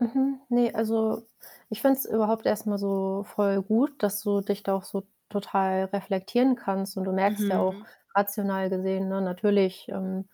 Mhm. Ne, also, ich finde es überhaupt erst mal so voll gut, dass du dich da auch so total reflektieren kannst. Und du merkst ja auch Mhm. rational gesehen, ne, natürlich, ähm,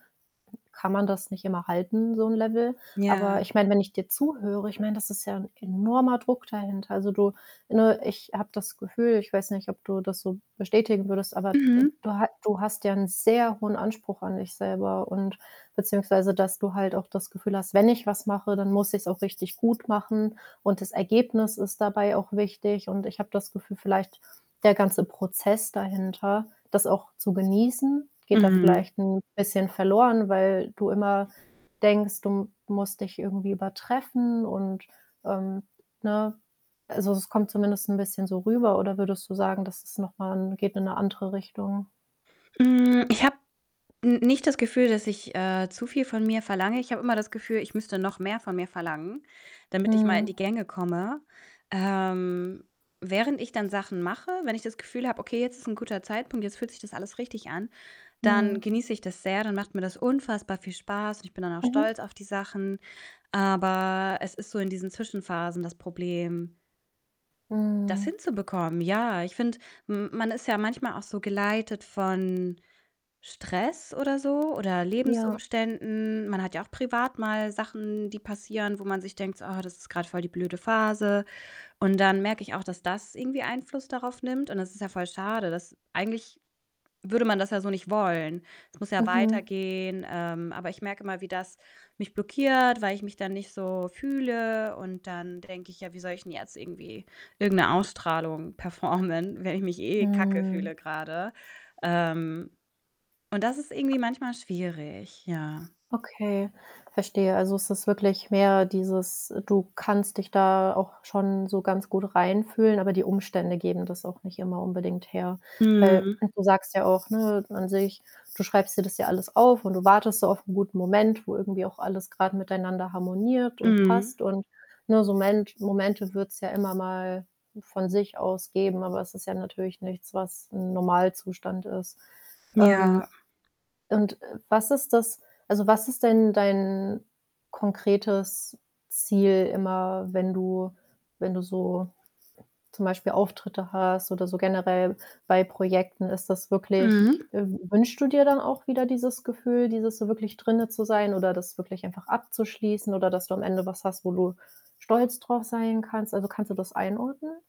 kann man das nicht immer halten, so 'n Level. Aber Ja. ich meine, wenn ich dir zuhöre ich meine, das ist ja 'n enormer Druck dahinter. Also, du ne, ich habe das Gefühl ich weiß nicht, ob du das so bestätigen würdest, aber, äh, Mhm. du ha du hast ja 'nen sehr hohen Anspruch an dich selber und beziehungsweise dass du halt auch das Gefühl hast: „Wenn ich was mache, dann muss ich's auch richtig gut machen, und das Ergebnis ist dabei auch wichtig.“ Und ich habe das Gefühl, vielleicht der ganze Prozess dahinter, das auch zu genießen, geht da Mhm. vielleicht 'n bisschen verloren, weil du immer denkst, du musst dich irgendwie übertreffen und ähm, ne? Also, es kommt zumindest 'n bisschen so rüber, oder würdest du sagen, dass es noch mal geht in 'ne andere Richtung? Hm, ich habe n nicht das Gefühl, dass ich, äh, zu viel von mir verlange. Ich habe immer das Gefühl, ich müsste noch mehr von mir verlangen, damit ich mal in die Mhm. Gänge komme. Ähm, während ich dann Sachen mache, wenn ich das Gefühl habe, okay, jetzt ist 'n guter Zeitpunkt, jetzt fühlt sich das alles richtig an, dann Mhm. genieße ich das sehr, dann macht mir das unfassbar viel Spaß, und ich bin dann auch stolz Mhm. auf die Sachen. Aber es ist so in diesen Zwischenphasen das Problem das Mhm. hinzubekommen. Ja, ich finde, m man ist ja manchmal auch so geleitet von Stress oder so oder Ja. Lebensumständen. Man hat ja auch privat mal Sachen, die passieren, wo man sich denkt so: „Oh, das ist grad voll die blöde Phase.“ Und dann merke ich auch, dass das irgendwie Einfluss darauf nimmt. Und das ist ja voll schade, dass eigentlich würde man das ja so nicht wollen. Es muss ja Mhm. weitergehen. Ähm, aber ich merke immer, wie das mich blockiert, weil ich mich dann nicht so fühle. Und dann denke ich: „Ja, wie soll ich denn jetzt irgendwie irgend 'ne Ausstrahlung performen, wenn ich mich eh kacke Mhm. fühle grade?“ Ähm, und das ist irgendwie manchmal schwierig, ja. Okay, verstehe. Also, es ist wirklich mehr dieses: Du kannst dich da auch schon so ganz gut reinfühlen, aber die Umstände geben das auch nicht immer unbedingt her. Weil, Mhm. äh, du sagst ja auch, ne, an sich, du schreibst dir das ja alles auf und du wartest so auf 'n guten Moment, wo irgendwie auch alles grad miteinander harmoniert und Mhm. passt. Und, ne, so ment Momente wird's ja immer mal von sich aus geben, aber es ist ja natürlich nichts, was 'n Normalzustand ist. Ähm, Ja. und, äh, was ist das also, was ist denn dein konkretes Ziel immer, wenn du wenn du so zum Beispiel Auftritte hast oder so generell bei Projekten? Ist das wirklich Mhm. äh, wünschst du dir dann auch wieder dieses Gefühl, dieses so wirklich drinnen zu sein oder das wirklich einfach abzuschließen oder dass du am Ende was hast, wo du stolz drauf sein kannst? Also, kannst du das einordnen?